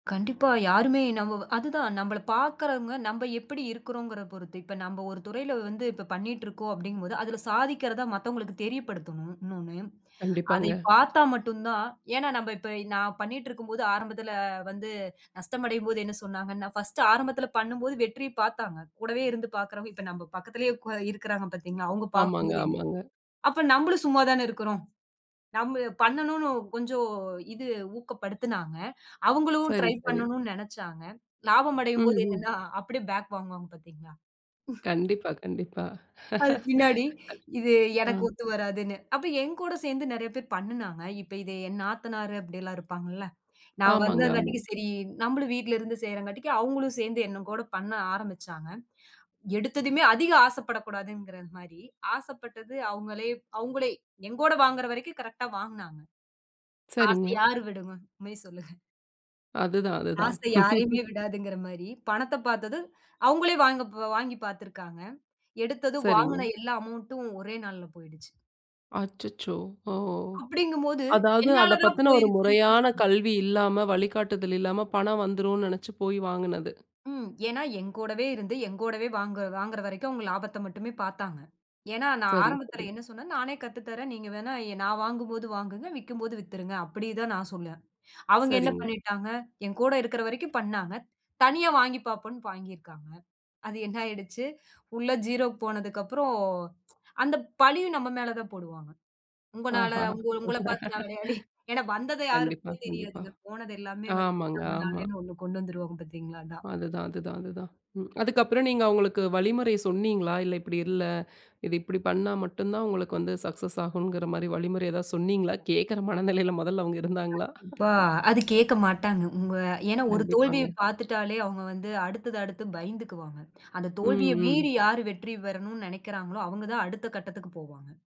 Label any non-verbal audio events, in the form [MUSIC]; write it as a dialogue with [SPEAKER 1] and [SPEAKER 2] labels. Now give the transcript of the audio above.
[SPEAKER 1] கண்டிப்பா. யாருமே நம் அது தா நம்மள பாக்குறவங்க, நம்ப எப்டி இருக்றோம்கறது பொறுத்து. இப்ப நம்ப ஒரு துறையில வந்து இப்ப பண்ணிட்டு இருக்கோம் அப்புடிங்க போது, அதுல சாதிக்கிறத மத்தவங்களுக்கு தெரியப்படுத்தணும். [UNINTELLIGIBLE]
[SPEAKER 2] கண்டிப்பாங்க.
[SPEAKER 1] அதைய பாத்தா மட்டும்தான் ஏனா நம்ப இப்ப நா பண்ணிட்டு இருக்கும்போது ஆரம்பத்துல வந்து நஷ்டமடையும் போது என்ன சொன்னாங்கனா, ஃபர்ஸ்ட் ஆரம்பத்துல பண்ணும்போது வெற்றி பாத்தாங்க. கூடவே இருந்து பாக்குறவங்க இப்ப நம்ப பக்கத்திலே கு இருக்காங்க பாத்தீங்களா, அவங்க
[SPEAKER 2] ஆமாங்க,
[SPEAKER 1] பாக்கும்போது என
[SPEAKER 2] ஆமாங்க.
[SPEAKER 1] அப்ப நம்மளும் சும்மா தானா இருக்குறோம். நம்மு பண்ணணுன்னு கொஞ்சம் இது ஊக்கப்படுத்துனாங்க. அவங்களும்
[SPEAKER 2] சரி,
[SPEAKER 1] ட்ரை
[SPEAKER 2] சரி.
[SPEAKER 1] பண்ணணும்னு நினைச்சாங்க. லாபம் அடையும்போது
[SPEAKER 2] ம்ஹ்ம்.
[SPEAKER 1] என்னன்னா அப்படியே பேக் வாங்குவாங்க பாத்தீங்களா?
[SPEAKER 2] கண்டிப்பா, கண்டிப்பா.
[SPEAKER 1] அது பின்னாடி
[SPEAKER 2] [LAUGHS]
[SPEAKER 1] இது
[SPEAKER 2] ஆ.
[SPEAKER 1] எனக்கு ஒத்து வராதுன்னு. அப்ப என்கூட சேந்து நிறைய பேர் பண்ணுனாங்க. இப்ப இத என் நாத்தனாரு அப்டி எல்லா இருப்பாங்களா, நா
[SPEAKER 2] ஆமாங்க, ஆமா.
[SPEAKER 1] வந்தங்காட்டிக்கி சரி நம்மளும் வீட்டுல இருந்து செய்றங்காட்டிக்கி அவங்களும் சேந்து என்னக்கூட பண்ண ஆரம்பிச்சாங்க. எடுத்ததுமே அதிக ஆசைப்படக்கூடாதுங்கிறது மாரி ஆசைப்பட்டது அவங்களே அவங்களே எங்கூட வாங்குற வரைக்கு கரெக்டா வாங்குனாங்க. ஆசை
[SPEAKER 2] சரிங்க.
[SPEAKER 1] யாரு விடுவான்? உண்மைய சொல்லுங்க.
[SPEAKER 2] அதுதான், அதுதான்.
[SPEAKER 1] ஆசை யாரையுமே
[SPEAKER 2] [LAUGHS]
[SPEAKER 1] விடாதுங்கிற மாரி பணத்த பாத்ததும் அவங்களே வாங்கப் வாங்கி பாத்துருக்காங்க. எடுத்தது வாங்குன
[SPEAKER 2] சரிங்க.
[SPEAKER 1] எல்லா அமெளண்ட்ம் ஒரே நாள்ல போயிடுச்சு.
[SPEAKER 2] அச்சச்சோ. ஓ!
[SPEAKER 1] அப்டிங்கும்போது
[SPEAKER 2] அதாவது அத
[SPEAKER 1] என்னாதான்
[SPEAKER 2] பத்துன ஒரு
[SPEAKER 1] போயிருச்சின்னு
[SPEAKER 2] முறையான
[SPEAKER 1] சொன்னாங்க.
[SPEAKER 2] கல்வி இல்லாம, வழிகாட்டுதல் இல்லாம பணம் வந்துருனு நினச்சு போய் வாங்குனது.
[SPEAKER 1] ம். ஏனா என்கூடவே இருந்து என்கூடவே வாங்கற வாங்கற வரைக்கும் அவங்க லாபத்த மட்டுமே பாத்தாங்க. ஏன்னா
[SPEAKER 2] சரி,
[SPEAKER 1] ஆரம்பத்துல
[SPEAKER 2] சரி.
[SPEAKER 1] என்ன சொன்னேன்? நானே கத்து தரேன். நீங்க வேணா நா வாங்கும் போது வாங்குங்க. விக்கும்போது வித்துருங்க. அப்டி தான் நான் சொல்ல. அவங்க என்ன
[SPEAKER 2] சரிங்க.
[SPEAKER 1] பண்ணிட்டாங்க. என்கூட இருக்குற வரைக்கு பண்ணாங்க. தனியா வாங்கி பாப்போன்னு வாங்கி இருக்காங்க. அது என்ன ஆயிடுச்சி? உள்ள ஜீரோக்கு போனதுக்கப்பறம் [TSK] அந்த பழியும் நம்ம மேல தான் போடுவாங்க. உங்கனால
[SPEAKER 2] ஆஹா. [LAUGHS]
[SPEAKER 1] உங் உங்கள பாத்து நா விளையாடி. [CHUCKLES] ஏனா வந்தது
[SPEAKER 2] கண்டிப்பா,
[SPEAKER 1] யாருக்கு
[SPEAKER 2] கண்டிப்பா.
[SPEAKER 1] தெரியாதுங்க. போனது எல்லாமே வந்து
[SPEAKER 2] ஆமாங்க, ஆமா.
[SPEAKER 1] நம்மனாலன்னு ஒண்ணு கொண்டு வந்துருவாங்க பாத்தீங்களா. அதான்.
[SPEAKER 2] அதுதான் அதுதான் அதுதான். அதுக்கப்பறம் ம் நீங்க அவங்களுக்கு வழிமுறை சொன்னீங்களா, இல்ல இப்படி இல்ல இத இப்டி பண்ணா மட்டும்தான் உங்களுக்கு வந்து சக்சஸ் ஆகும்ங்குற மாரி வழிமுறை ஏதாவது சொன்னீங்களா, கேட்கிற மனநிலையில முதல்ல அவங்க இருந்தாங்களா?
[SPEAKER 1] இப்பா, அது கேக்க மாட்டாங்க. உங்க ஏனா ஒரு தோல்விய
[SPEAKER 2] கண்டிப்பாங்க.
[SPEAKER 1] பாத்துட்டாலே அவங்க வந்து அடுத்தது அடுத்து பயந்துக்குவாங்க. அந்த தோல்விய
[SPEAKER 2] ம், ம்.
[SPEAKER 1] மீறி யாரு வெற்றி பெறணும்னு நினைக்குறாங்களோ அவங்க தான் அடுத்த கட்டத்துக்குப் போவாங்க.